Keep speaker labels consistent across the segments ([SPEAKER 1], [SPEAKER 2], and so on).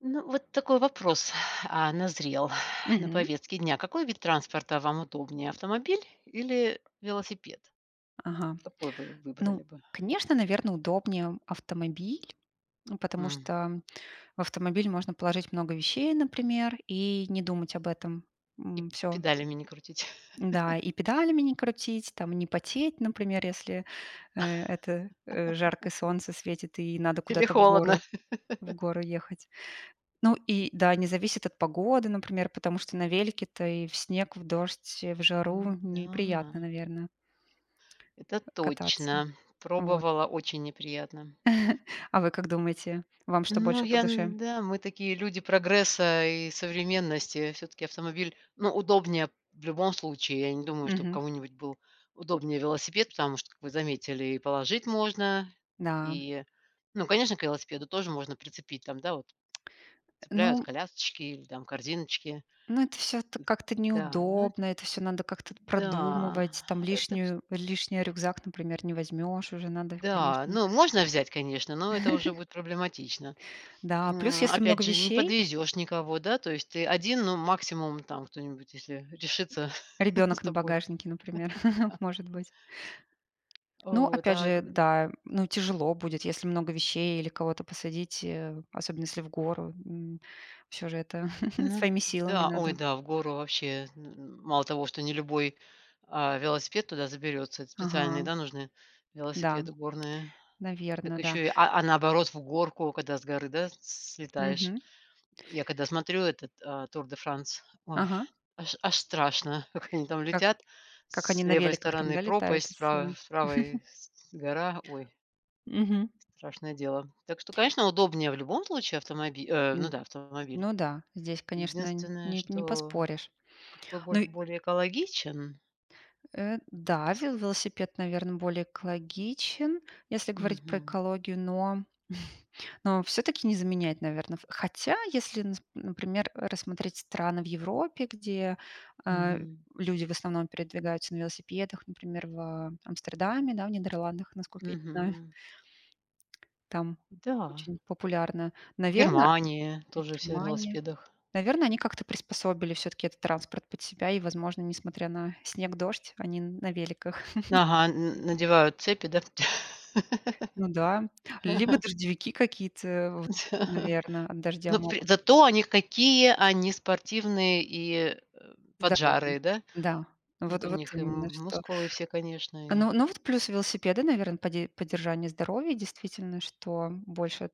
[SPEAKER 1] Ну, вот такой вопрос, а, назрел на
[SPEAKER 2] Мгм.
[SPEAKER 1] повестке дня. Какой вид транспорта вам удобнее автомобиль или велосипед?
[SPEAKER 2] Ага.
[SPEAKER 1] Какой вы
[SPEAKER 2] Ну,
[SPEAKER 1] выбрали бы?
[SPEAKER 2] конечно, наверное, удобнее автомобиль, ну потому
[SPEAKER 1] М.
[SPEAKER 2] что в автомобиль можно положить много вещей, например, и не думать об этом.
[SPEAKER 1] И
[SPEAKER 2] М. Всё.
[SPEAKER 1] педалями не крутить.
[SPEAKER 2] Да, и педалями не крутить, там не потеть, например, если, э, это, э, жаркое солнце светит и надо
[SPEAKER 1] Или
[SPEAKER 2] куда-то в
[SPEAKER 1] холодно?
[SPEAKER 2] горы, в гору ехать. Ну и да, не зависит от погоды, например, потому что на велике-то и в снег, в дождь, в жару
[SPEAKER 1] М,
[SPEAKER 2] неприятно,
[SPEAKER 1] да.
[SPEAKER 2] наверно
[SPEAKER 1] Это
[SPEAKER 2] а, кататься.
[SPEAKER 1] точно,
[SPEAKER 2] Вот.
[SPEAKER 1] пробовала- очень неприятно.
[SPEAKER 2] А вы как думаете, вам что
[SPEAKER 1] Ну
[SPEAKER 2] больше по
[SPEAKER 1] я,
[SPEAKER 2] душе?
[SPEAKER 1] да, мы такие люди прогресса и современности, все-таки автомобиль, ну удобнее в любом случае. Я не думаю, что
[SPEAKER 2] Мгм.
[SPEAKER 1] кому-нибудь был удобнее велосипед. Потому что, вы заметили и положить можно,
[SPEAKER 2] Да.
[SPEAKER 1] и. Ну конечно к велосипеду тоже можно прицепить, там, да, вот
[SPEAKER 2] Э,
[SPEAKER 1] цепляют
[SPEAKER 2] ну
[SPEAKER 1] колясочки или там корзиночки.
[SPEAKER 2] ну, это всё
[SPEAKER 1] Н
[SPEAKER 2] как-то
[SPEAKER 1] Да, но
[SPEAKER 2] неудобно,
[SPEAKER 1] это.
[SPEAKER 2] это всё надо как-то
[SPEAKER 1] Да.
[SPEAKER 2] продумывать. Там
[SPEAKER 1] Это ш
[SPEAKER 2] лишнюю лишний рюкзак, например, не возьмешь уже
[SPEAKER 1] Н
[SPEAKER 2] надо
[SPEAKER 1] Да,
[SPEAKER 2] конечно.
[SPEAKER 1] ну можно взять, конечно, но это уже будет проблематично.
[SPEAKER 2] Да. Плюс
[SPEAKER 1] М,
[SPEAKER 2] если
[SPEAKER 1] опять
[SPEAKER 2] много
[SPEAKER 1] же не
[SPEAKER 2] вещей
[SPEAKER 1] подвезешь никого, да, то есть ты один, ну максимум там кто-нибудь если решится с
[SPEAKER 2] Ребенок на
[SPEAKER 1] тобой.
[SPEAKER 2] багажнике, например,
[SPEAKER 1] Да.
[SPEAKER 2] может быть. Но
[SPEAKER 1] Вот,
[SPEAKER 2] опять
[SPEAKER 1] а
[SPEAKER 2] же,
[SPEAKER 1] когд
[SPEAKER 2] да, ну тяжело будет, если много вещей или кого-то посадить, э, особенно если в гору, м. Всё же это
[SPEAKER 1] Мгм.
[SPEAKER 2] своими силами
[SPEAKER 1] Да ой,
[SPEAKER 2] надо.
[SPEAKER 1] да, в гору вообще, н н мало того, что не любой, а, велосипед туда заберется. Эт специальные,
[SPEAKER 2] Ага.
[SPEAKER 1] да, нужны
[SPEAKER 2] Да.
[SPEAKER 1] велосипеды горные, так
[SPEAKER 2] Наверно, да.
[SPEAKER 1] еще, а, а, наоборот в горку, когда с горы, да, слетаешь.
[SPEAKER 2] Мгм.
[SPEAKER 1] Я когда смотрю этот, а, Тур де Франс, ой
[SPEAKER 2] Ага.
[SPEAKER 1] аж аж страшно, как они там
[SPEAKER 2] Как
[SPEAKER 1] летят:
[SPEAKER 2] как они
[SPEAKER 1] с
[SPEAKER 2] на
[SPEAKER 1] левой
[SPEAKER 2] великах там,
[SPEAKER 1] стороны
[SPEAKER 2] да, летают
[SPEAKER 1] пропасть, с
[SPEAKER 2] с
[SPEAKER 1] правой правой гора, ой.
[SPEAKER 2] Мгм.
[SPEAKER 1] Страшное дело. Так что, конечно, удобнее в любом случае, автомобиль, э. Ну
[SPEAKER 2] М,
[SPEAKER 1] да автомобиль.
[SPEAKER 2] ну да, здесь, конечно,
[SPEAKER 1] Единственное,
[SPEAKER 2] не не
[SPEAKER 1] что
[SPEAKER 2] поспоришь.
[SPEAKER 1] какой бо
[SPEAKER 2] Ну и
[SPEAKER 1] более экологичен.
[SPEAKER 2] Э,
[SPEAKER 1] М
[SPEAKER 2] да,
[SPEAKER 1] с
[SPEAKER 2] ве велосипед, наверно, более экологичен, если говорить про
[SPEAKER 1] Мгм.
[SPEAKER 2] экологию. Но, но все-таки не заменяет, наверно в хотя, если, нас например, рассмотреть страны в Европе, где, а,
[SPEAKER 1] Мгм.
[SPEAKER 2] люди в основном передвигаются на велосипедах, например, в Амстердаме, да, в Нидерландах, насколько я не знаю.
[SPEAKER 1] Мгм.
[SPEAKER 2] Там
[SPEAKER 1] Да.
[SPEAKER 2] очень популярно.
[SPEAKER 1] В
[SPEAKER 2] Наверно
[SPEAKER 1] Германии тоже все на
[SPEAKER 2] Германия.
[SPEAKER 1] велосипедах.
[SPEAKER 2] Наверное, они как-то приспособили все-таки этот транспорт под себя и, возможно, несмотря на снег, дождь, они на великах.
[SPEAKER 1] Ага, н надевают цепи, да?
[SPEAKER 2] Ну да. Либо дождевики какие-то, вот наверное, от дождя
[SPEAKER 1] Ну п
[SPEAKER 2] могут.
[SPEAKER 1] зато, они, какие они спортивные и, э,
[SPEAKER 2] Здоровый.
[SPEAKER 1] поджарые, да?
[SPEAKER 2] Да, вот
[SPEAKER 1] Вот у
[SPEAKER 2] вот
[SPEAKER 1] них и
[SPEAKER 2] именно что.
[SPEAKER 1] мускулы все, конечно и.
[SPEAKER 2] Ну ну, вот плюс велосипеда, наверное, поде поддержание здоровья. Действительно, что больше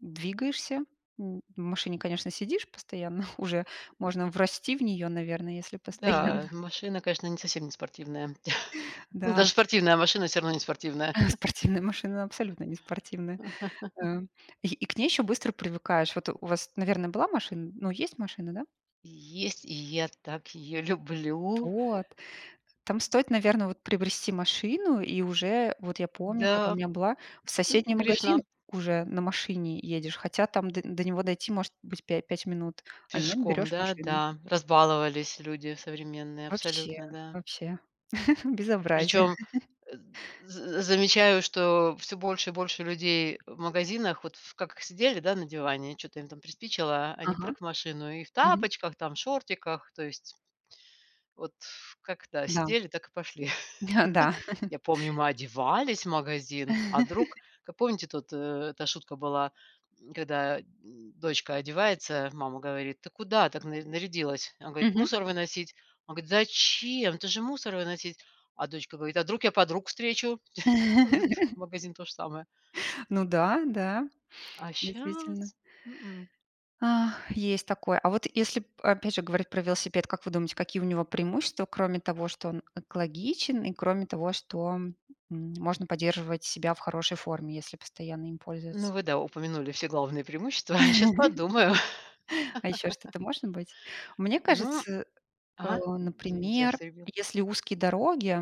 [SPEAKER 2] двигаешься. М, в машине, конечно, сидишь постоянно. Уже можно врасти в нее, наверно, если постоянно.
[SPEAKER 1] Да, машина, конечно, не совсем не спортивная, да,
[SPEAKER 2] Да.
[SPEAKER 1] даже спортивная машина всё равно не спортивная.
[SPEAKER 2] Спортивная машина- абсолютно не спортивная, э. И к ней еще быстро привыкаешь. Вот у вас, наверное, была машина? Ну есть машина, да?
[SPEAKER 1] Есть, и я так ее люблю.
[SPEAKER 2] Вот. Там стоит, наверно, вот приобрести машину и уже вот я помню, когда у
[SPEAKER 1] Да,
[SPEAKER 2] меня была, в
[SPEAKER 1] м
[SPEAKER 2] соседний магазин
[SPEAKER 1] грешна.
[SPEAKER 2] уже на машине едешь, хотя там д до него дойти может быть пя- 5 минут, а нет,
[SPEAKER 1] Пешком,
[SPEAKER 2] берешь
[SPEAKER 1] да,
[SPEAKER 2] машину.
[SPEAKER 1] да, разбаловались люди современные
[SPEAKER 2] Вообще,
[SPEAKER 1] абсолютно, да.
[SPEAKER 2] вообще безобразие!
[SPEAKER 1] Причем з замечаю, что всё больше и больше людей в магазинах, вот как сидели, да, на диване, чё-то им там приспичило, они
[SPEAKER 2] Ага.
[SPEAKER 1] прыг в машину и в
[SPEAKER 2] Мгм.
[SPEAKER 1] тапочках, там шортиках, то есть вот как, да,
[SPEAKER 2] Да.
[SPEAKER 1] сидели, так и пошли.
[SPEAKER 2] Да.
[SPEAKER 1] Я помню мы одевались в магазин, а вдруг? Как помните тут, э, эта шутка была, м, когда дочка одевается, мама говорит: "Ты куда так нар нарядилась?" Она говорит:
[SPEAKER 2] Мгм.
[SPEAKER 1] "Мусор выносить." Она говорит: "Зачем? Ты же мусор выносить". А дочка говорит: "А вдруг я подруг встречу". Вот в магазин то же самое.
[SPEAKER 2] Ну да, да,
[SPEAKER 1] А
[SPEAKER 2] действительно.
[SPEAKER 1] щас м-м.
[SPEAKER 2] Ах, есть такое. А вот если опять же говорить про велосипед. Как вы думаете, какие у него преимущества, кроме того, что он экологичен и кроме того, что, м, можно поддерживать себя в хорошей форме, если постоянно им
[SPEAKER 1] Ну
[SPEAKER 2] пользоваться.
[SPEAKER 1] вы, да, упомянули все главные преимущества, щас подумаю.
[SPEAKER 2] А еще что-то может быть? Мне
[SPEAKER 1] Ну
[SPEAKER 2] кажется, э,
[SPEAKER 1] ага, извините, я вас
[SPEAKER 2] например,
[SPEAKER 1] перебила.
[SPEAKER 2] если узкие дороги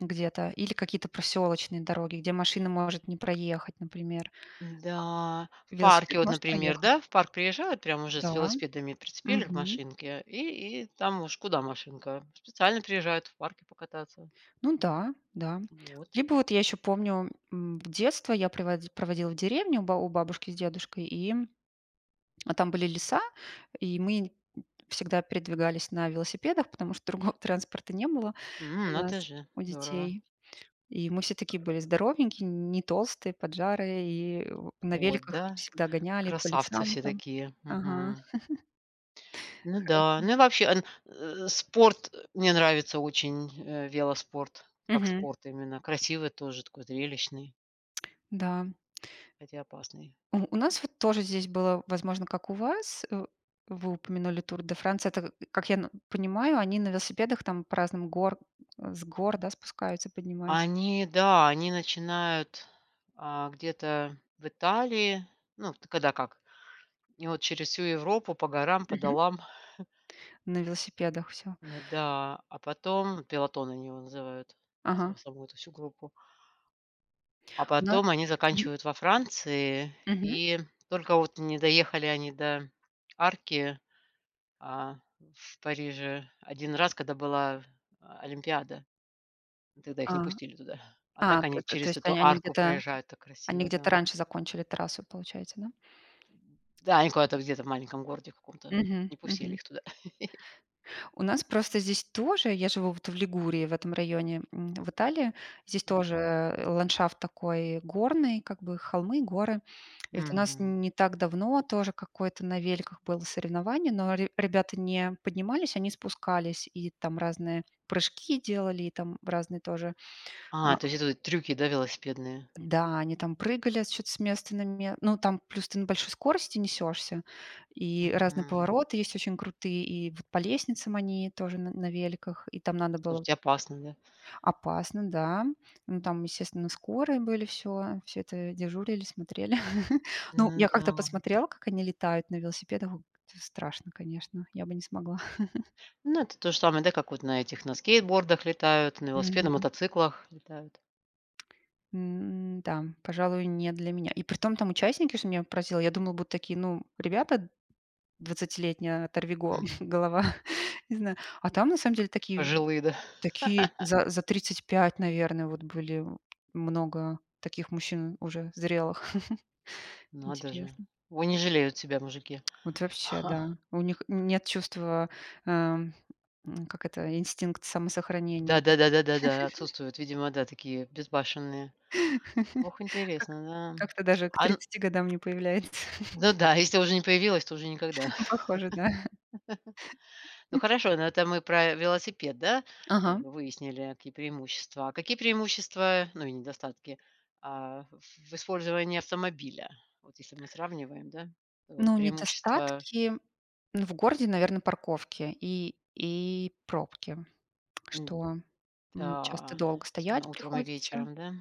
[SPEAKER 2] где-то или какие-то проселочные дороги, где машина может не проехать, например,
[SPEAKER 1] Да,
[SPEAKER 2] а,
[SPEAKER 1] в
[SPEAKER 2] велосипед
[SPEAKER 1] парке, вот,
[SPEAKER 2] может
[SPEAKER 1] например,
[SPEAKER 2] проехать.
[SPEAKER 1] да. В парк приезжают прямо уже с
[SPEAKER 2] Да,
[SPEAKER 1] велосипедами. Прицепили к
[SPEAKER 2] мгм.
[SPEAKER 1] машинке и и там уж куда машинка, специально приезжают в парке покататься.
[SPEAKER 2] Ну да, да.
[SPEAKER 1] Вот.
[SPEAKER 2] Либо вот я еще помню, м, детство я приво проводила в деревне у ба у бабушки с дедушкой. И, а, там были леса, и мы, м, всегда передвигались на велосипедах, потому что другого транспорта не было
[SPEAKER 1] М.
[SPEAKER 2] у нас,
[SPEAKER 1] Надо же,
[SPEAKER 2] у
[SPEAKER 1] здорово.
[SPEAKER 2] детей. И мы все такие были здоровенькие, не толстые, поджарые. И в на
[SPEAKER 1] Вот,
[SPEAKER 2] великах
[SPEAKER 1] да,
[SPEAKER 2] всегда гоняли по
[SPEAKER 1] красавцы
[SPEAKER 2] лесам
[SPEAKER 1] все
[SPEAKER 2] там.
[SPEAKER 1] такие.
[SPEAKER 2] Ага.
[SPEAKER 1] Мгм. Ну да.
[SPEAKER 2] Хорошо.
[SPEAKER 1] Ну, и вообще, э, спорт, мне нравится очень, э, велоспорт, как
[SPEAKER 2] Мгм.
[SPEAKER 1] спорт именно красивый тоже, такой зрелищный.
[SPEAKER 2] Да.
[SPEAKER 1] Хотя опасный.
[SPEAKER 2] У у нас вот тоже здесь было, возможно, как у вас, э. Вы упомянули Тур де Франс. Это как я н понимаю, они на велосипедах там по разным гор с гор да спускаются, поднимаются?
[SPEAKER 1] Они да, они начинают, а, где-то в Италии, ну вот когда как, и вот через всю Европу по горам, по
[SPEAKER 2] Мгм.
[SPEAKER 1] долам.
[SPEAKER 2] На велосипедах всё.
[SPEAKER 1] Н, да, а потом, пелотон, они его называют
[SPEAKER 2] Ага.
[SPEAKER 1] са саму эту всю группу. А
[SPEAKER 2] У на
[SPEAKER 1] потом, они
[SPEAKER 2] Мгм.
[SPEAKER 1] заканчивают во Франции.
[SPEAKER 2] Мгм.
[SPEAKER 1] И только вот не доехали они до арки, а, в Париже 1 раз, когда была олимпиада. Тогда их не
[SPEAKER 2] А.
[SPEAKER 1] пустили туда, а
[SPEAKER 2] А,
[SPEAKER 1] так они
[SPEAKER 2] т то
[SPEAKER 1] через
[SPEAKER 2] есть,
[SPEAKER 1] эту
[SPEAKER 2] они
[SPEAKER 1] арку
[SPEAKER 2] где-то,
[SPEAKER 1] проезжают, так
[SPEAKER 2] они
[SPEAKER 1] красиво,
[SPEAKER 2] где-то
[SPEAKER 1] да.
[SPEAKER 2] раньше закончили трассу, получается, да?
[SPEAKER 1] Да они куда-то, где-то в маленьком городе в каком-то,
[SPEAKER 2] Мгм,
[SPEAKER 1] не пустили
[SPEAKER 2] мгм.
[SPEAKER 1] их туда.
[SPEAKER 2] У нас просто здесь тоже. Я живу вот в Лигурии, в этом районе, м, в Италии, здесь
[SPEAKER 1] Мгм.
[SPEAKER 2] тоже ландшафт такой горный, как бы холмы, горы. И вот у нас
[SPEAKER 1] Мгм.
[SPEAKER 2] не так давно тоже какое-то на великах было соревнование, но ре ребята не поднимались, они спускались, и там разные прыжки делали, и там разные тоже.
[SPEAKER 1] А,
[SPEAKER 2] А.
[SPEAKER 1] то есть это вот трюки, да, велосипедные?
[SPEAKER 2] Да, они там прыгали с чё-то с места на место. Ну, там плюс ты на большой скорости несешься, и разные
[SPEAKER 1] Мгм.
[SPEAKER 2] повороты есть очень крутые, и вот по лестницам они тоже н на великах, и там надо было
[SPEAKER 1] Слушайте, опасные, да?
[SPEAKER 2] Опасно, да. Ну там, естественно, скорые были всё. Всё это дежурили, смотрели. Ну, я
[SPEAKER 1] Ну
[SPEAKER 2] как-то
[SPEAKER 1] да.
[SPEAKER 2] посмотрела, как они летают на велосипедах о т страшно, конечно. Я бы не смогла.
[SPEAKER 1] Ну, это тоже самое, да, как вот, на этих, на скейтбордах летают, на велосипед, на
[SPEAKER 2] Мгм.
[SPEAKER 1] мотоциклах летают.
[SPEAKER 2] М. Да, пожалуй, не для меня. И притом, там участники, что меня поразило, я думала, будут такие: ну, ребята, двадцатилетние оторви го
[SPEAKER 1] Мгм.
[SPEAKER 2] голова, незна А там, на самом деле такие
[SPEAKER 1] Пожилые, да.
[SPEAKER 2] такие за за 35, наверно, вот были. Много таких мужчин уже зрелых.
[SPEAKER 1] Надо же.
[SPEAKER 2] Интересно.
[SPEAKER 1] Ой, не жалеют себя мужики.
[SPEAKER 2] Вот вообще,
[SPEAKER 1] Ха.
[SPEAKER 2] да. У них нет чувства, э, как это, инстинкт самосохранения.
[SPEAKER 1] Да да да да да. Отсутствуют видимо, да, такие безбашенные. Ох,
[SPEAKER 2] Как.
[SPEAKER 1] интересно. Да,
[SPEAKER 2] Как-то даже к
[SPEAKER 1] а н
[SPEAKER 2] 30 годам не появляется.
[SPEAKER 1] Ну да. Если уже не появилась, то уже никогда.
[SPEAKER 2] Не похоже, да?
[SPEAKER 1] Ну хорошо, это мы про велосипед, да, как
[SPEAKER 2] Ага.
[SPEAKER 1] бы выяснили какие преимущества. А какие преимущества, ну и недостатки, а, в использовании автомобиля, вот если мы сравниваем, да, то
[SPEAKER 2] Ну,
[SPEAKER 1] преимущества
[SPEAKER 2] недостатки в городе, наверно, парковки и и пробки,
[SPEAKER 1] М,
[SPEAKER 2] что, м, часто
[SPEAKER 1] да.
[SPEAKER 2] долго
[SPEAKER 1] Особенно
[SPEAKER 2] стоять
[SPEAKER 1] утром и
[SPEAKER 2] приходится.
[SPEAKER 1] вечером, да.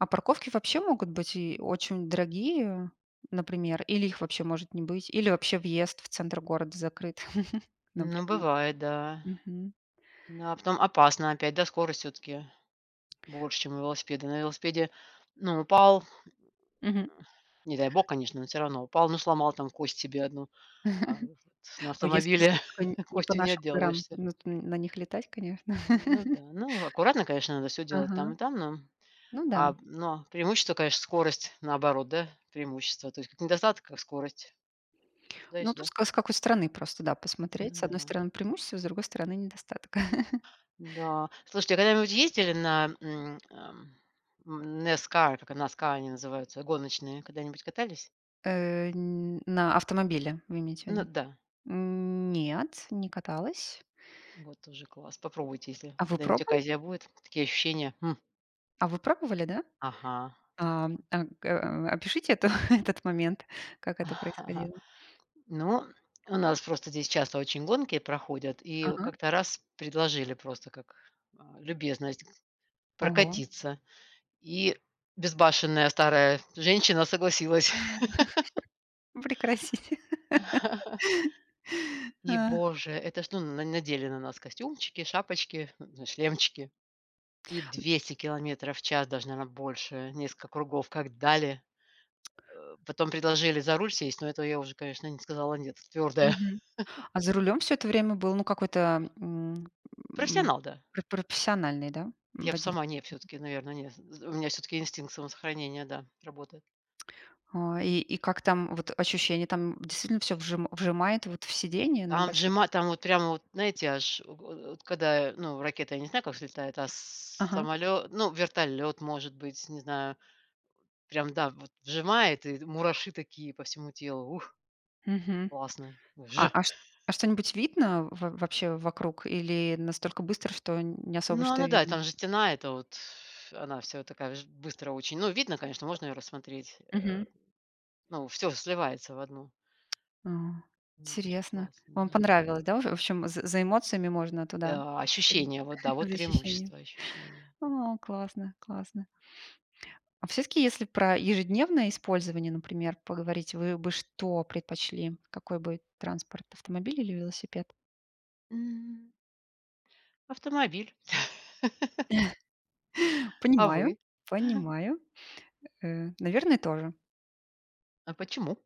[SPEAKER 2] А парковки вообще могут быть и очень дорогие, например, или их вообще может не быть. Или вообще въезд в центр города закрыт,
[SPEAKER 1] Ну
[SPEAKER 2] например.
[SPEAKER 1] бывает, да.
[SPEAKER 2] Мгм.
[SPEAKER 1] Да, потом опасно опять, да, скорость все-таки больше, чем у велосипеда. На велосипеде ну упал
[SPEAKER 2] Мгм.
[SPEAKER 1] не дай бог, конечно, но всё равно упал, ну сломал там кость себе 1, а вот на
[SPEAKER 2] Ой, если
[SPEAKER 1] автомобиле
[SPEAKER 2] что, только не не по
[SPEAKER 1] костью не
[SPEAKER 2] нашим горам,
[SPEAKER 1] отделаешься.
[SPEAKER 2] ну т на них летать, конечно.
[SPEAKER 1] Ну да. Ну, аккуратно, конечно, надо всё делать там
[SPEAKER 2] Ага.
[SPEAKER 1] и там, но,
[SPEAKER 2] Ну да.
[SPEAKER 1] а, но преимущество, конечно, скорость, наоборот, да, преимущество. То есть как недостаток, как скорость. То
[SPEAKER 2] Ну,
[SPEAKER 1] есть.
[SPEAKER 2] тут
[SPEAKER 1] Да.
[SPEAKER 2] с с какой стороны просто, да, посмотреть.
[SPEAKER 1] Ну
[SPEAKER 2] С одной
[SPEAKER 1] да.
[SPEAKER 2] стороны преимущество, с другой стороны недостаток.
[SPEAKER 1] Да. Слушайте, а вы когда нибудь ездили на, м, эм, NASCAR? NASCAR, они называются гоночные. Когда-нибудь катались?
[SPEAKER 2] Э. Ни на автомобиле, вы имеете
[SPEAKER 1] Ну
[SPEAKER 2] ввиду?
[SPEAKER 1] да.
[SPEAKER 2] Нет, не каталась.
[SPEAKER 1] Вот тоже класс, попробуйте, если
[SPEAKER 2] А вы
[SPEAKER 1] когда-нибудь
[SPEAKER 2] пробовали?
[SPEAKER 1] оказия будет, такие ощущения, м!
[SPEAKER 2] А вы пробовали, да?
[SPEAKER 1] Ага.
[SPEAKER 2] А, а, э, опишите это этот момент, как это происходило.
[SPEAKER 1] Ну, у нас просто здесь часто очень гонки проходят. И
[SPEAKER 2] Ага.
[SPEAKER 1] как-то раз предложили просто как, а, любезность
[SPEAKER 2] Ого!
[SPEAKER 1] прокатиться, и безбашенная старая женщина согласилась.
[SPEAKER 2] Прекратите.
[SPEAKER 1] И, Боже, это что, н надели на нас костюмчики, шапочки, шлемчики и 200 километров в час, даже наверно больше, несколько кругов, как дали! Э, потом предложили за руль сесть, но этого я уже, конечно, не сказала "нет", твердая.
[SPEAKER 2] Мгм. А за рулем всё это время был, ну какой-то, м, м,
[SPEAKER 1] Профессионал, да.
[SPEAKER 2] пр профессиональный, да,
[SPEAKER 1] Я б
[SPEAKER 2] водитель?
[SPEAKER 1] сама не. Все-таки, наверное не, у меня все-таки инстинкт самосохранения, да, работает.
[SPEAKER 2] Ой, и как там вот ощущения? Там действительно все вжи вжимает вот в сидение на
[SPEAKER 1] Там
[SPEAKER 2] большой
[SPEAKER 1] вжимает,
[SPEAKER 2] скорости?
[SPEAKER 1] там вот прямо, вот знаете, аж от от когда ну ракета, я не знаю как взлетает, а с
[SPEAKER 2] Ага.
[SPEAKER 1] самолет, ну вертолет может быть, не знаю, прям, да, вот вжимает и мураши такие по всему телу. Ух!
[SPEAKER 2] Мгм.
[SPEAKER 1] Классно
[SPEAKER 2] А,
[SPEAKER 1] вж!
[SPEAKER 2] а, ш а что-нибудь видно в в вообще вокруг или настолько быстро, что не особо
[SPEAKER 1] Ну,
[SPEAKER 2] что
[SPEAKER 1] она да,
[SPEAKER 2] видно?
[SPEAKER 1] там же стена, это вот. Она вся такая ж быстро очень, но видно, конечно, можно ее рассмотреть, э,
[SPEAKER 2] Мгм.
[SPEAKER 1] но всё сливается в одну.
[SPEAKER 2] А.
[SPEAKER 1] М, конечно
[SPEAKER 2] Интересно,
[SPEAKER 1] классно,
[SPEAKER 2] вам
[SPEAKER 1] да.
[SPEAKER 2] понравилось, да? В в общем, за за эмоциями можно туда,
[SPEAKER 1] Да. Ощущения, вот да, вот
[SPEAKER 2] за ощущениями.
[SPEAKER 1] преимущество- ощущения.
[SPEAKER 2] О классно, классно. А все-таки, если про ежедневное использование, например, поговорить, вы бы что предпочли? Какой бы транспорт- автомобиль или велосипед?
[SPEAKER 1] М. Автомобиль! А
[SPEAKER 2] Понимаю,
[SPEAKER 1] вы?
[SPEAKER 2] понимаю, э, наверное тоже.
[SPEAKER 1] А почему?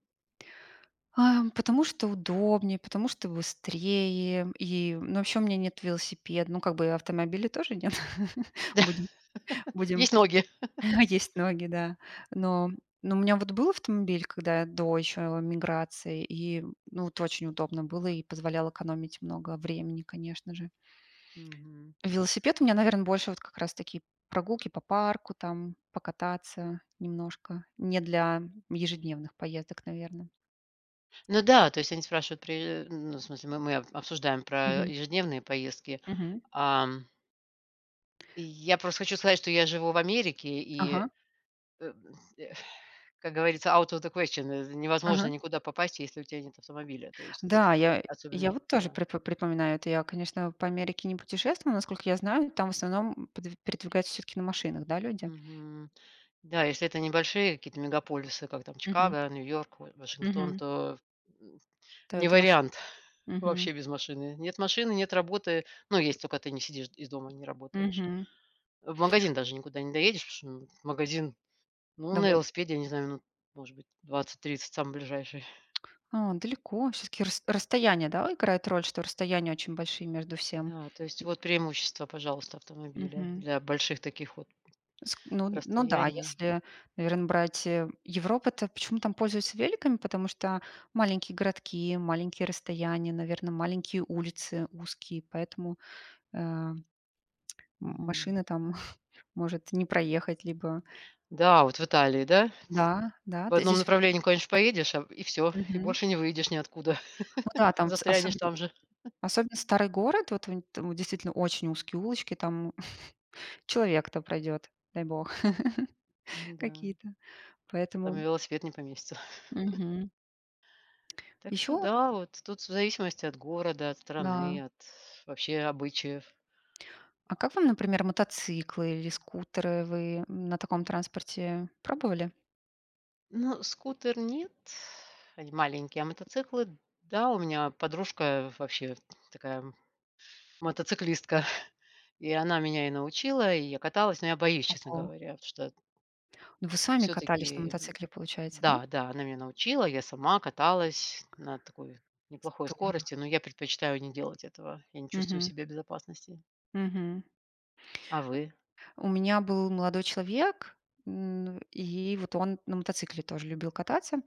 [SPEAKER 2] А, потому что удобнее, потому что быстрее и ну, вообще, у меня нет велосипеда. Ну, как бы, автомобиля тоже нет. Будем, будем.
[SPEAKER 1] Есть ноги.
[SPEAKER 2] Есть ноги, да. Но но, у меня вот был автомобиль, когда до еще эмиграции, и ну это очень удобно было и позволял экономить много времени, конечно же.
[SPEAKER 1] Мгм.
[SPEAKER 2] Велосипед у меня, наверное, больше вот как раз, такие прогулки по парку, там покататься немножко, не для ежедневных поездок, наверно.
[SPEAKER 1] Ну да, то есть они спрашивают, при ну в смысле, мы мы обсуждаем про
[SPEAKER 2] Мгм.
[SPEAKER 1] ежедневные поездки,
[SPEAKER 2] Мгм.
[SPEAKER 1] ам И я просто хочу сказать, что я живу в Америке и э,
[SPEAKER 2] Ага.
[SPEAKER 1] м, э. Как говорится out of the question невозможно
[SPEAKER 2] Ага.
[SPEAKER 1] никуда попасть, если у тебя нет автомобиля, то есть
[SPEAKER 2] Да, я я
[SPEAKER 1] особенно,
[SPEAKER 2] вот тоже
[SPEAKER 1] да.
[SPEAKER 2] при припоминаю это. Я, конечно, по Америке не путешествовала. Насколько я знаю, там в основном пед передвигаются всё-таки на машинах, да, люди?
[SPEAKER 1] Мгм. Да, если это небольшие какие-то мегаполисы, как там
[SPEAKER 2] Мгм.
[SPEAKER 1] Чикаго, Нью-Йорк, во Вашингтон,
[SPEAKER 2] Мгм.
[SPEAKER 1] то, м, м,
[SPEAKER 2] То,
[SPEAKER 1] не
[SPEAKER 2] это машина.
[SPEAKER 1] вариант
[SPEAKER 2] Мгм.
[SPEAKER 1] вообще без машины. Нет машины, нет работы, но если только ты не сидишь, из дома, не работаешь.
[SPEAKER 2] Мгм.
[SPEAKER 1] В магазин даже никуда не доедешь, потому что магазин ну на
[SPEAKER 2] Доволь
[SPEAKER 1] велосипеде, я не знаю, ну может быть, 20-30 самый ближайший.
[SPEAKER 2] А далеко. Все-таки рас расстояние, да, играет роль, что расстояния очень большие между всем.
[SPEAKER 1] Да. То есть вот преимущество, пожалуйста, автомобиля
[SPEAKER 2] Мгм.
[SPEAKER 1] для больших таких вот
[SPEAKER 2] Ск ну, ну да,
[SPEAKER 1] расстояний.
[SPEAKER 2] если, наверное, брать, э, Европу, то почему там пользуются великами? Потому что маленькие городки, маленькие расстояния, наверно, маленькие улицы, узкие, поэтому, э, м
[SPEAKER 1] Мгм.
[SPEAKER 2] машина там может не проехать, либо.
[SPEAKER 1] Да, вот в Италии, да,
[SPEAKER 2] Да, да.
[SPEAKER 1] в
[SPEAKER 2] То есть
[SPEAKER 1] одном
[SPEAKER 2] здесь вот
[SPEAKER 1] направлении куда-нибудь поедешь и всё, и
[SPEAKER 2] Мгм.
[SPEAKER 1] больше не выйдешь ниоткуда,
[SPEAKER 2] Ну да, там ц
[SPEAKER 1] застрянешь
[SPEAKER 2] особенно
[SPEAKER 1] там же.
[SPEAKER 2] особенно старый город. Вот внь там действительно очень узкие улочки, там человек то пройдет, дай бог.
[SPEAKER 1] Мгм, да.
[SPEAKER 2] Какие-то.
[SPEAKER 1] Там и
[SPEAKER 2] Поэтому
[SPEAKER 1] велосипед не поместится.
[SPEAKER 2] Мгм.
[SPEAKER 1] Так что
[SPEAKER 2] Еще
[SPEAKER 1] да, вот тут в зависимости от города, от
[SPEAKER 2] Да.
[SPEAKER 1] страны, от вообще обычаев.
[SPEAKER 2] А как вам, например, мотоциклы или скутеры? Вы на таком транспорте пробовали?
[SPEAKER 1] Ну скутер нет, они маленькие, а, мотоциклы. Да, у меня подружка вообще такая мотоциклистка и она меня и научила, и я каталась, но я боюсь, честно
[SPEAKER 2] Ого!
[SPEAKER 1] говоря, вот что
[SPEAKER 2] Ну, вы сами катались на
[SPEAKER 1] Всё-таки
[SPEAKER 2] мотоцикле, получается, да?
[SPEAKER 1] да, да, она меня научила, я сама каталась на такой, неплохой
[SPEAKER 2] Здорово!
[SPEAKER 1] скорости, но я предпочитаю не делать этого, я не чувствую
[SPEAKER 2] Мгм.
[SPEAKER 1] себя в безопасности.
[SPEAKER 2] Мгм.
[SPEAKER 1] А вы?
[SPEAKER 2] У меня был молодой человек, н и вот он на мотоцикле тоже любил кататься.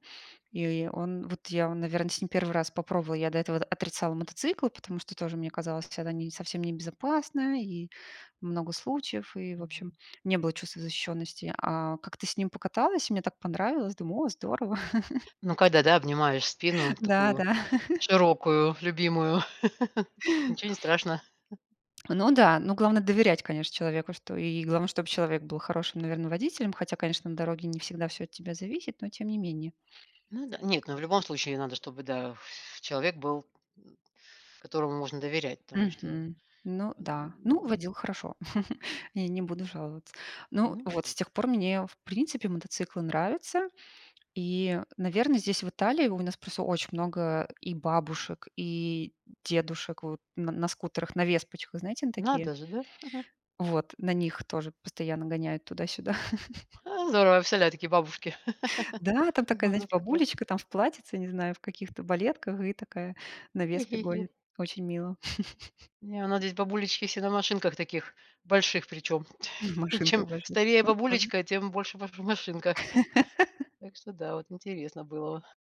[SPEAKER 2] И он, вот я, наверное, с ним 1 раз попробовала. Я до этого д отрицала мотоциклы, потому что тоже мне казалось, что это совсем не безопасно. И много случаев, и, в общем,
[SPEAKER 1] Мгм.
[SPEAKER 2] не было чувства защищенности. А как-то с ним покаталась, и мне так понравилось. Думаю: о здорово!
[SPEAKER 1] Ну, когда, да, обнимаешь спину такую
[SPEAKER 2] Да-да!
[SPEAKER 1] широкую любимую, ничего не страшно.
[SPEAKER 2] Ну да. Но главное доверять, конечно человеку, что и главное чтоб человек был хорошим, наверно, водителем. Хотя конечно на дороге не всегда все от тебя зависит, но тем не менее.
[SPEAKER 1] Ну да. Нет, ну в любом случае надо, чтобы, да, ф человек был которому можно доверять. Потому что
[SPEAKER 2] Мгм. Ну да. Ну,
[SPEAKER 1] н
[SPEAKER 2] водил хорошо, я не буду жаловаться. Ну
[SPEAKER 1] Ну,
[SPEAKER 2] вот,
[SPEAKER 1] и, вот.
[SPEAKER 2] с тех пор мне, в принципе, мотоциклы нравятся. И, наверно, здесь в Италии у нас просто очень много и бабушек, и дедушек вот н на скутерах, на веспочках. Знаете, на такие,
[SPEAKER 1] Надо же, да?
[SPEAKER 2] вот на них тоже постоянно гоняют туда-сюда.
[SPEAKER 1] А, здорово, я представляю такие бабушки.
[SPEAKER 2] Да, там
[SPEAKER 1] У
[SPEAKER 2] такая,
[SPEAKER 1] нас
[SPEAKER 2] знаете,
[SPEAKER 1] здесь такое
[SPEAKER 2] бабулечка там в платьице, не знаю в каких-то балетках и такая на "Веспе" гонит. Очень мило.
[SPEAKER 1] Не, у нас здесь бабулечки все на машинках таких, больших причем,
[SPEAKER 2] Машинка
[SPEAKER 1] чем
[SPEAKER 2] ваша.
[SPEAKER 1] старее
[SPEAKER 2] Ну, тоже.
[SPEAKER 1] бабулечка, тем больше ма машинка. Так что да, вот интересно было.